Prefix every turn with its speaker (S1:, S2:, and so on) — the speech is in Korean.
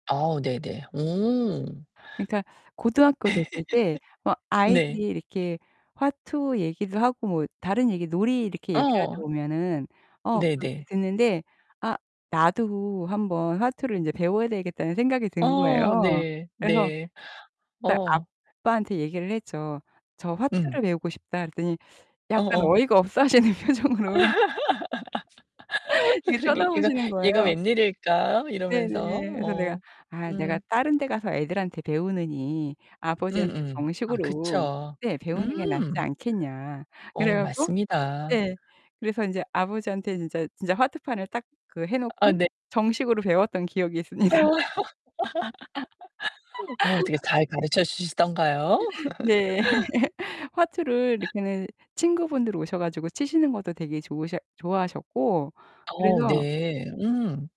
S1: 아, 네네. 오.
S2: 그러니까 고등학교 됐을 때 막 아이들이
S1: 네.
S2: 이렇게 화투 얘기를 하고 뭐 다른 얘기 놀이 이렇게 얘기를 하다
S1: 어.
S2: 보면은 어, 그 이렇게
S1: 네네.
S2: 듣는데 아 나도 한번 화투를 인제 배워야 되겠다는 생각이 든
S1: 어.
S2: 거예요.
S1: 네.
S2: 그래서
S1: 네.
S2: 딱
S1: 어.
S2: 아빠한테 얘기를 했죠. "저
S1: 음.
S2: 화투를 배우고 싶다." 그랬더니 약간
S1: 어어.
S2: 어이가 없어 하시는 표정으로
S1: 아
S2: 이렇게
S1: 그런 게 "얘가
S2: 쳐다보시는 거예요.
S1: 얘가 웬일일까?"
S2: 네네.
S1: 이러면서.
S2: 그래서 내가
S1: 어.
S2: "아, 내가
S1: 음.
S2: 다른 데 가서 애들한테 배우느니 아버지한테
S1: 음음. 아
S2: 정식으로
S1: 그쵸.
S2: 네, 배우는 게 낫지
S1: 음.
S2: 않겠냐." 그래
S1: 어,
S2: 갖고
S1: 맞습니다.
S2: 네. 그래서 인제 아버지한테 진짜 진짜 화투판을 딱 그 해
S1: 아
S2: 놓고
S1: 네.
S2: 정식으로 배웠던 기억이
S1: 아.
S2: 있습니다.
S1: 어, 어떻게 잘 가르쳐 주시던가요?
S2: 네. 화투를 이렇게는 친구분들 오셔 가지고 치시는 것도 되게 좋으셔 좋아하셨고
S1: 어,
S2: 그래서
S1: 네. 음.